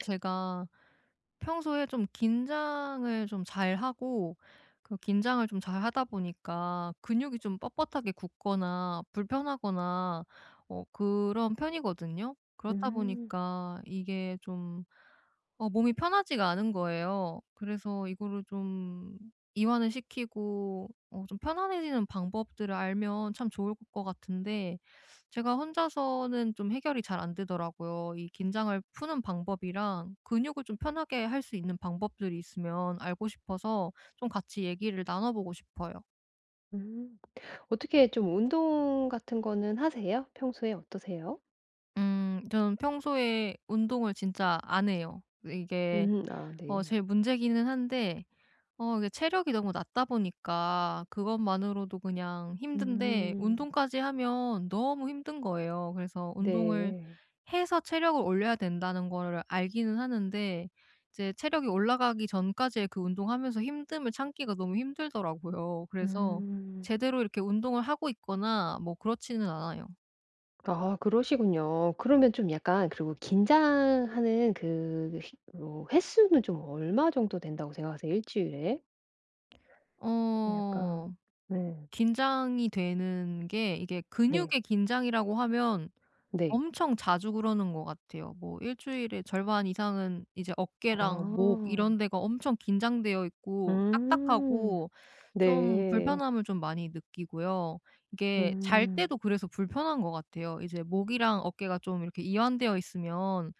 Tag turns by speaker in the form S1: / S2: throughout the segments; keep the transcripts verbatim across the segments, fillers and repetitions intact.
S1: 제가 평소에 좀 긴장을 좀 잘 하고 그 긴장을 좀 잘 하다 보니까 근육이 좀 뻣뻣하게 굳거나 불편하거나 어 그런 편이거든요. 그렇다
S2: 음.
S1: 보니까 이게 좀 어 몸이 편하지가 않은 거예요. 그래서 이거를 좀 이완을 시키고 어 좀 편안해지는 방법들을 알면 참 좋을 것 같은데 제가 혼자서는 좀 해결이 잘 안 되더라고요. 이 긴장을 푸는 방법이랑 근육을 좀 편하게 할 수 있는 방법들이 있으면 알고 싶어서 좀 같이 얘기를 나눠 보고 싶어요.
S2: 음 어떻게 좀 운동 같은 거는 하세요? 평소에 어떠세요?
S1: 음. 저는 평소에 운동을 진짜 안 해요. 왜 이게
S2: 음 아
S1: 어
S2: 네.
S1: 제일 문제기는 한데 어 이게 체력이 너무 낮다 보니까 그것만으로도 그냥 힘든데
S2: 음.
S1: 운동까지 하면 너무 힘든 거예요. 그래서 운동을
S2: 네.
S1: 해서 체력을 올려야 된다는 거를 알기는 하는데 이제 체력이 올라가기 전까지의 그 운동하면서 힘듦을 참기가 너무 힘들더라고요. 그래서
S2: 음.
S1: 제대로 이렇게 운동을 하고 있거나 뭐 그렇지는 않아요.
S2: 아 그러시군요. 그러면 좀 약간 그리고 긴장하는 그 휘 뭐 횟수는 좀 얼마 정도 된다고 생각하세요 일 주일에? 좀 약간
S1: 어
S2: 네.
S1: 긴장이 되는 게 이게
S2: 네.
S1: 근육의 긴장이라고 하면
S2: 네.
S1: 엄청 자주 그러는 것 같아요. 뭐 일 주일에 절반 이상은 이제 어깨랑 목
S2: 아.
S1: 이런 데가 엄청 긴장되어 있고
S2: 음
S1: 딱딱하고 좀
S2: 네.
S1: 불편함을 좀 많이 느끼고요. 이게 잘
S2: 음.
S1: 때도 그래서 불편한 것 같아요. 이제 목이랑 어깨가 좀 이렇게 이완되어 있으면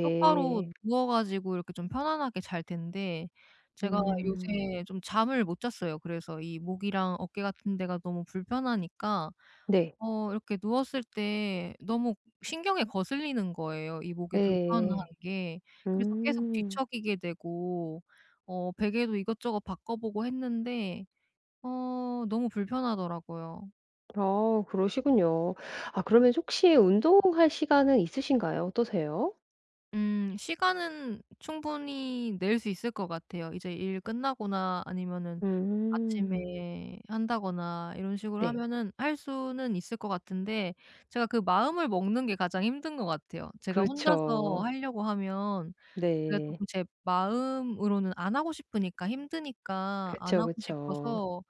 S1: 똑바로 누워 가지고 이렇게 좀 편안하게 잘 텐데 제가
S2: 음.
S1: 요새 좀 잠을 못 잤어요. 그래서 이 목이랑 어깨 같은 데가 너무 불편하니까
S2: 네.
S1: 어 이렇게 누웠을 때 너무 신경에 거슬리는 거예요 이 목에 불편한
S2: 네.
S1: 게. 그래서 계속
S2: 음.
S1: 뒤척이게 되고 어 베개도 이것저것 바꿔 보고 했는데 어 너무 불편하더라고요.
S2: 아 그러시군요. 아 그러면 혹시 운동할 시간은 있으신가요? 어떠세요?
S1: 음. 시간은 충분히 낼 수 있을 것 같아요. 이제 일 끝나거나 아니면은
S2: 음.
S1: 아침에 한다거나 이런 식으로
S2: 네.
S1: 하면은 할 수는 있을 것 같은데 제가 그 마음을 먹는 게 가장 힘든 것 같아요. 제가 혼자서
S2: 그렇죠.
S1: 하려고 하면 그래도
S2: 네.
S1: 쪼끔 제 마음으로는 안 하고 싶으니까 힘드니까 안
S2: 그쵸.
S1: 하고
S2: 그쵸.
S1: 싶어서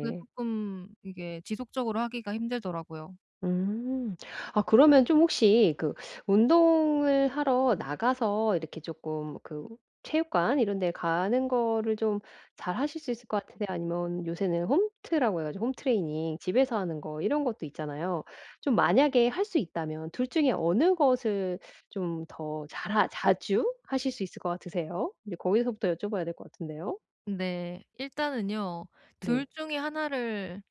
S1: 그게 쪼끔 이게 지속적으로 하기가 힘들더라고요.
S2: 음. 아 그러면 좀 혹시 그 운동을 하러 나가서 이렇게 쪼끔 그 체육관 이런 데 가는 거를 좀 잘하실 수 있을 것 같으세요, 아니면 요새는 홈트라고 해 가지고 홈 트레이닝 집에서 하는 거 이런 것도 있잖아요. 좀 만약에 할 수 있다면 둘 중에 어느 것을 좀 더 잘 하 자주 하실 수 있을 것 같으세요? 이제 거기서부터 여쭤 봐야 될 것 같은데요.
S1: 네. 일단은요. 둘
S2: 네.
S1: 중에 하나 를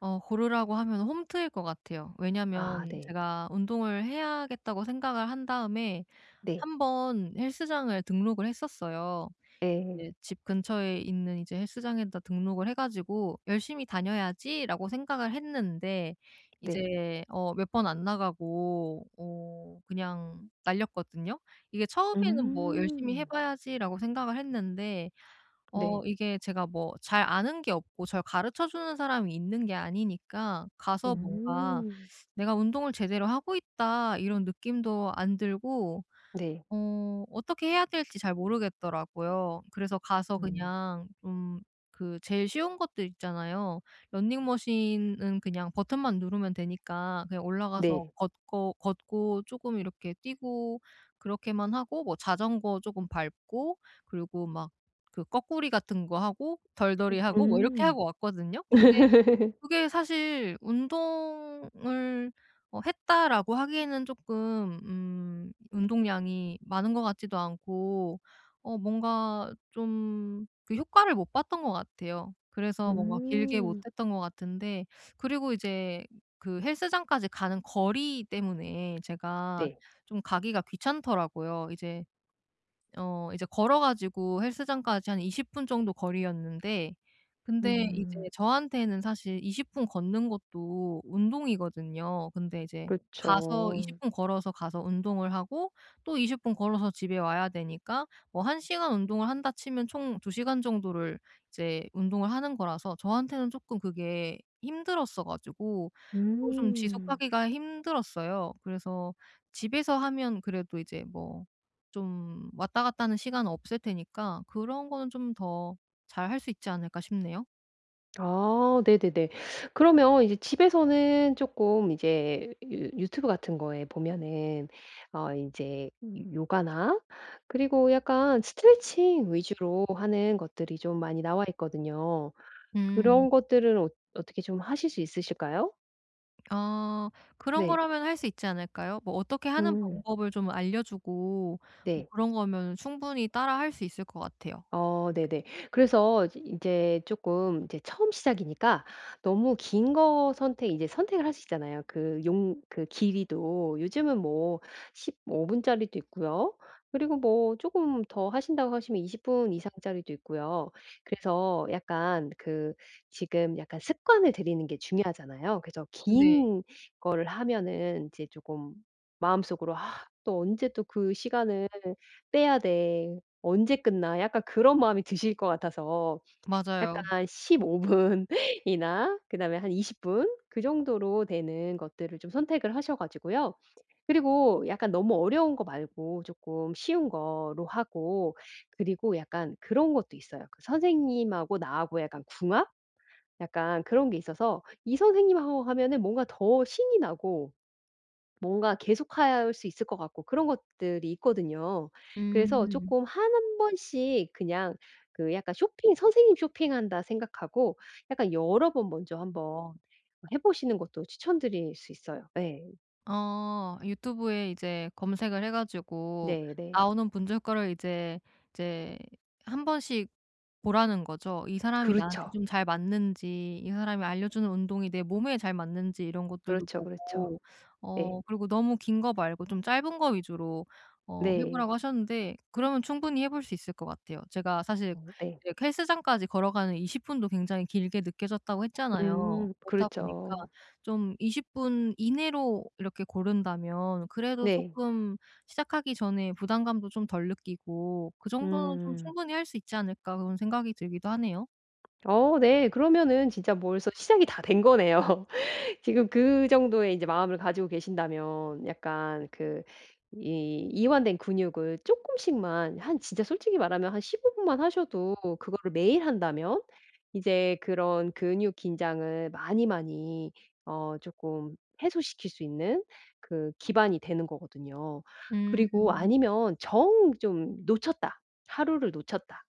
S1: 어 고르라고 하면 홈트일 것 같아요.
S2: 아
S1: 왜냐하면
S2: 네.
S1: 제가 운동을 해야겠다고 생각을 한 다음에
S2: 네.
S1: 한번 헬스장을 등록을 했었어요.
S2: 예.
S1: 이제 집 근처에 있는 이제 헬스장에다 등록을 해 가지고 '열심히 다녀야지.'라고 생각을 했는데
S2: 네.
S1: 이제 어 몇 번 안 나가고 어 그냥 날렸거든요? 이게 처음에는 뭐 '열심히 해
S2: 음.
S1: 봐야지.'라고 생각을 했는데 어
S2: 네.
S1: 이게 제가 뭐 잘 아는 게 없고 절 가르쳐 주는 사람이 있는 게 아니니까 가서 뭔가
S2: 음.
S1: '내가 운동을 제대로 하고 있다.' 이런 느낌도 안 들고
S2: 네.
S1: 어 어떻게 해야 될지 잘 모르겠더라고요. 그래서 가서
S2: 음.
S1: 그냥 좀 그 제일 쉬운 것들 있잖아요. 러닝 머신은 그냥 버튼만 누르면 되니까 그냥 올라가서
S2: 네.
S1: 걷고 걷고 쪼끔 이렇게 뛰고 그렇게만 하고 뭐 자전거 쪼금 밟고 그리고 막 그 꺼꾸리 같은 거 하고 덜덜이 하고 뭐 이렇게
S2: 음.
S1: 하고 왔거든요. 근데 그게 사실 '운동을 어 했다.'라고 하기에는 쪼끔 음 운동량이 많은 것 같지도 않고 어 뭔가 좀 그 효과를 못 봤던 것 같아요. 그래서 뭔가 길게 못
S2: 음.
S1: 했던 것 같은데 그리고 이제 그 헬스장까지 가는 거리 때문에 제가
S2: 네.
S1: 좀 가기가 귀찮더라고요. 이제 어 이제 걸어 가지고 헬스장까지 한 이십 분 정도 거리였는데 근데 이제
S2: 음.
S1: 저한테는 사실 이십 분 걷는 것도 운동이거든요. 근데 이제 가서
S2: 그쵸.
S1: 이십 분 걸어서 가서 운동을 하고 또 이십 분 걸어서 집에 와야 되니까 뭐 한 시간 운동을 한다 치면 총 두 시간 정도를 이제 운동을 하는 거라서 저한테는 쪼끔 그게 힘들었어 가지고 그거 좀
S2: 음.
S1: 지속하기가 힘들었어요. 그래서 집에서 하면 그래도 이제 뭐 좀 왔다 갔다 하는 시간은 없을 테니까 그런 거는 좀 더 잘 할 수 있지 않을까 싶네요.
S2: 아 네네네. 그러면 이제 집에서는 쪼끔 이제 유 유튜브 같은 거에 보면은 어 인제 요 요가나 그리고 약간 스트레칭 위주로 하는 것들이 좀 많이 나와 있거든요.
S1: 음.
S2: 그런 것들은 어 어떻게 좀 하실 수 있으실까요?
S1: 어. 그런
S2: 네.
S1: 거라면 할 수 있지 않을까요? 뭐 어떻게 하는
S2: 음.
S1: 방법을 좀 알려 주고 뭐
S2: 네.
S1: 그런 거면은 충분히 따라 할 수 있을 것 같아요.
S2: 어. 네네. 그래서 이즈 인제 조금 인제 처음 시작이니까 너무 긴 거 선택 인제 선택을 하시잖아요 그 용 그 길이도. 요즘은 뭐 십오 분짜리도 있고요. 그리고 뭐 조금 더 하신다고 하시면 이십 분 이상짜리도 있고요. 그래서 약간 그 지금 약간 습관을 들이는 게 중요하잖아요. 그래서
S1: 네.
S2: 긴 걸 하면은 이제 조금 마음 속으로 '아 또 언제 또 그 시간을 빼야 돼.' '언제 끝나.' 약간 그런 마음이 드실 것 같아서
S1: 맞아요.
S2: 약간 십오 분이나 그 다음에 한 이십 분 그 정도로 되는 것들을 좀 선택을 하셔 가지고요. 그리고 약간 너무 어려운 거 말고 쪼끔 쉬운 거로 하고 그리고 약간 그런 것도 있어요. 그 선생님하고 나하고 약간 궁합? 약간 그런 게 있어서 이 선생님하고 하면은 뭔가 더 신이 나고 뭔가 계속할 수 있을 것 같고 그런 것들이 있거든요. 그래서
S1: 음.
S2: 쪼끔 한 번씩 그냥 그 약간 쇼핑 '선생님 쇼핑한다.' 생각하고 약간 여러 번 먼저 한번 해 보시는 것도 추천드릴 수 있어요. 네.
S1: 어. 유튜브에 이제 검색을 해 가지고
S2: 네네.
S1: 나오는 분조 효과를 이제 이제 한번씩 보라는 거죠. 이 사람이 나한테
S2: 그렇죠.
S1: 좀 잘 맞는지 이 사람이 알려 주는 운동이 내 몸에 잘 맞는지 이런 것들도
S2: 그렇죠. 그렇죠.
S1: 보고
S2: 네.
S1: 어 그리고 너무 긴 거 말고 좀 짧은 거 위주로 어 해
S2: 네.
S1: 보라고 하셨는데 그러면 충분히 해 볼 수 있을 것 같아요. 제가 사실
S2: 어 네.
S1: 이렇게 헬스장까지 걸어가는 이십 분도 굉장히 길게 느껴졌다고 했잖아요.
S2: 음
S1: 그렇다 보니까
S2: 그렇죠.
S1: 좀 이십 분 이내로 이렇게 고른다면 그래도
S2: 네.
S1: 쪼끔 시작하기 전에 부담감도 좀 덜 느끼고 '그 정도는 좀
S2: 음.
S1: 충분히 할 수 있지 않을까.' 그런 생각이 들기도 하네요.
S2: 어 네. 그러면은 진짜 벌써 시작이 다 된 거네요. 지금 그 정도의 이제 마음을 가지고 계신다면 약간 그 이 이완된 근육을 쪼끔씩만 한 진짜 솔직히 말하면 한 십오 분만 하셔도 그거를 매일 한다면 이제 그런 근육 긴장을 많이 많이 어 쪼끔 해소시킬 수 있는 그 기반이 되는 거거든요. 그리고
S1: 음.
S2: 아니면 정 좀 '놓쳤다. 하루를 놓쳤다.'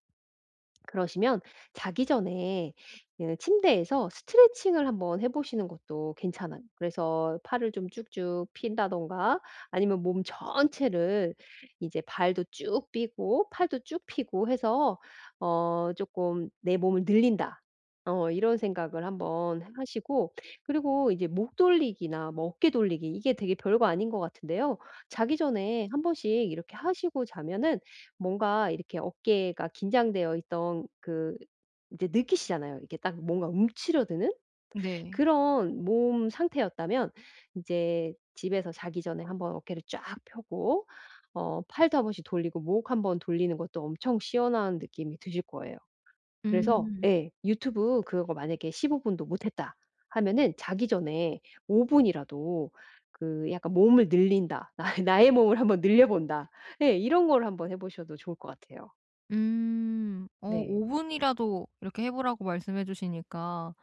S2: 그러시면 자기 전에 이 침대에서 스트레칭을 한번 해 보시는 것도 괜찮아요. 그래서 팔을 좀 쭉쭉 편다든가 아니면 몸 전체를 이제 발도 쭉 펴고 팔도 쭉 펴고 해서 어 쪼끔 '내 몸을 늘린다.' 어 이런 생각을 한번 하 하시고 그리고 이제 목 돌리기나 뭐 어깨 돌리기 이게 되게 별거 아닌 것 같은데요. 자기 전에 한번씩 이렇게 하시고 자면은 뭔가 이렇게 어깨가 긴장되어 있던 그 이제 느끼시잖아요. 이게 딱 뭔가 움츠러드는?
S1: 네.
S2: 그런 몸 상태였다면 이제 집에서 자기 전에 한번 어깨를 쫙 펴고 어 팔도 한번씩 돌리고 목 한번 돌리는 것도 엄청 시원한 느낌이 드실 거예요. 그래서
S1: 음.
S2: 예 유튜브 그거 만약에 십오 분도 못 했다 하면은 자기 전에 오 분이라도 그 약간 '몸을 늘린다. 아 이 나의 몸을 한번 늘려본다.' 예. 이런 거를 한번 해 보셔도 좋을 것 같아요.
S1: 음 어
S2: 네.
S1: 오 분이라도 이렇게 해 보라고 말씀해 주시니까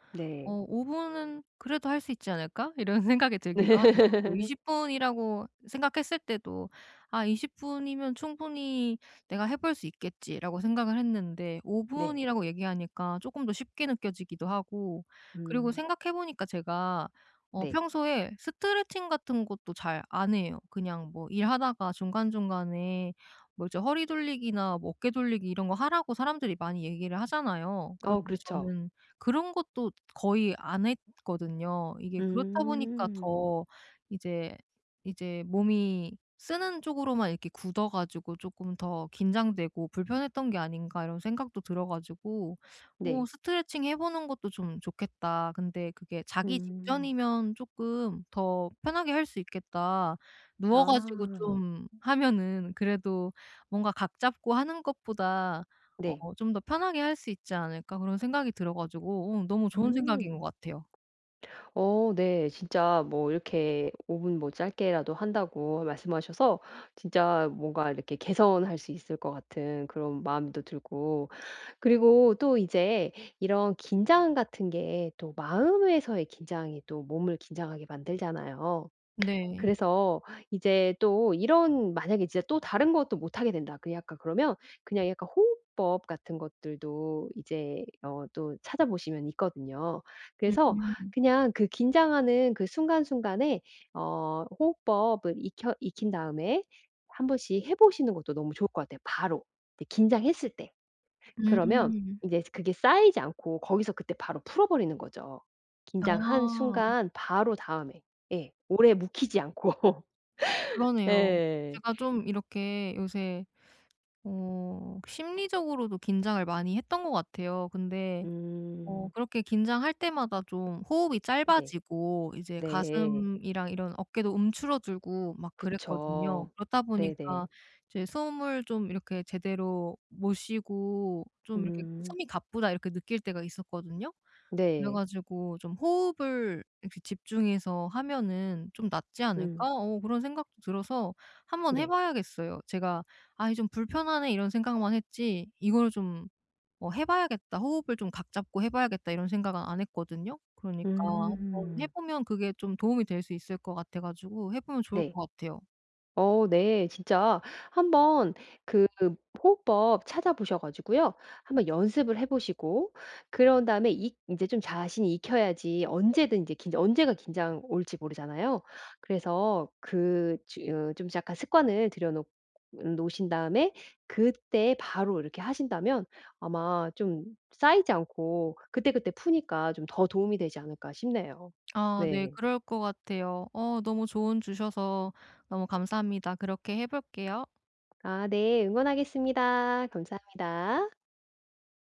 S1: 어
S2: 네.
S1: '오 분은 그래도 할 수 있지 않을까?' 이런 생각이 들기도 하네요. 뭐 이십 분이라고 생각했을 때도 '아 이십 분이면 충분히 내가 해 볼 수 있겠지.'라고 생각을 했는데 오
S2: 네.
S1: 분이라고 얘기하니까 조금 더 쉽게 느껴지기도 하고, 그리고
S2: 음.
S1: 생각해 보니까 제가 어
S2: 네.
S1: 평소에 스트레칭 같은 것도 잘 안 해요. 그냥 뭐 일하다가 중간중간에 뭐 이제 허리 돌리기나 뭐 어깨 돌리기 이런 거 하라고 사람들이 많이 얘기를 하잖아요.
S2: 어
S1: 그런데
S2: 그렇죠.
S1: 저는 그런 것도 거의 안 했거든요. 이게 그렇다 보니까
S2: 음.
S1: 더 이제, 이제 '몸이 쓰는 쪽으로만 이렇게 굳어 가지고 조금 더 긴장되고 불편했던 게 아닌가.' 이런 생각도 들어 가지고 어
S2: 네.
S1: '스트레칭해보는 것도 좀 좋겠다. 근데 그게 자기
S2: 음.
S1: 직전이면 쪼끔 더 편하게 할 수 있겠다. 누워 가지고
S2: 아.
S1: 좀 하면은 그래도 뭔가 각 잡고 하는 것보다
S2: 네.
S1: 어 좀 더 편하게 할 수 있지 않을까?' 그런 생각이 들어 가지고 어 너무 좋은
S2: 음.
S1: 생각인 거 같아요.
S2: 어 네. 진짜 뭐 이렇게 오 분 뭐 짧게라도 한다고 말씀하셔서 진짜 뭔가 이렇게 개선할 수 있을 것 같은 그런 마음도 들고 그리고 또 이제 이런 긴장 같은 게 또 마음에서의 긴장이 또 몸을 긴장하게 만들잖아요.
S1: 네.
S2: 그래서 이제 또 이런 만약에 진짜 또 '다른 것도 못하게 된다.' 그 약간 그러면 그냥 약간 호흡법 같은 것들도 이제 어 또 찾아 보시면 있거든요.
S1: 음
S2: 그래서
S1: 음.
S2: 그냥 그 긴장하는 그 순간순간에 어 호흡법은 익혀 익힌 다음에 한번씩 해 보시는 것도 너무 좋을 것 같아요 바로, 네 긴장했을 때. 그러면
S1: 음.
S2: 인제 그게 쌓이지 않고 거기서 그때 바로 풀어 버리는 거죠, 긴장한
S1: 아.
S2: 순간 바로 다음에. 예 오래 묵히지 않고.
S1: 그러네요.
S2: 예.
S1: 제가 좀 이렇게 요새 어 심리적으로도 긴장을 많이 했던 것 같아요. 근데 어
S2: 음.
S1: 그렇게 긴장할 때마다 좀 호흡이
S2: 네.
S1: 짧아지고 이제
S2: 네.
S1: 가슴이랑 이런 어깨도 움츠러 들고 막 그랬거든요.
S2: 그쵸.
S1: 그렇다 보니까
S2: 네네.
S1: 이제 숨을 좀 이렇게 제대로 못 쉬고 좀 이렇게
S2: 음.
S1: '숨이 가쁘다.' 이렇게 느낄 때가 있었거든요. 그래
S2: 네.
S1: 가지고 좀 '호흡을 이렇게 집중해서 하면은 좀 낫지
S2: 음.
S1: 않을까?' 어 그런 생각도 들어서 한번 해
S2: 네.
S1: 봐야겠어요. 제가 '아이 좀 불편하네.' 이런 생각만 했지 '이걸 좀 뭐 해 봐야겠다. 호흡을 좀 각 잡고 해 봐야겠다.' 이런 생각은 안 했거든요. 그러니까 한번 해
S2: 음.
S1: 보면 그게 좀 도움이 될 수 있을 거 같아 가지고 해 보면 좋을
S2: 네.
S1: 것 같아요.
S2: 어 네. 진짜 한번 그 호흡법 찾아 보셔 가지고요 한번 연습을 해 보시고 그런 다음에 이 이제 좀 자신이 익혀야지 언제든지 긴장 언제가 긴장 올지 모르잖아요? 그래서 그 즈 으 약간 습관을 들여놓 놓으신 다음에 그때 바로 이렇게 하신다면 아마 좀 쌓이지 않고 그때그때 푸니까 좀 더 도움이 되지 않을까 싶네요,
S1: 아 네
S2: 네.
S1: 그럴 거 같아요. 어 너무 조언 주셔서 너무 감사합니다. 그렇게 해 볼게요.
S2: 아 네 응원하겠습니다. 감사합니다.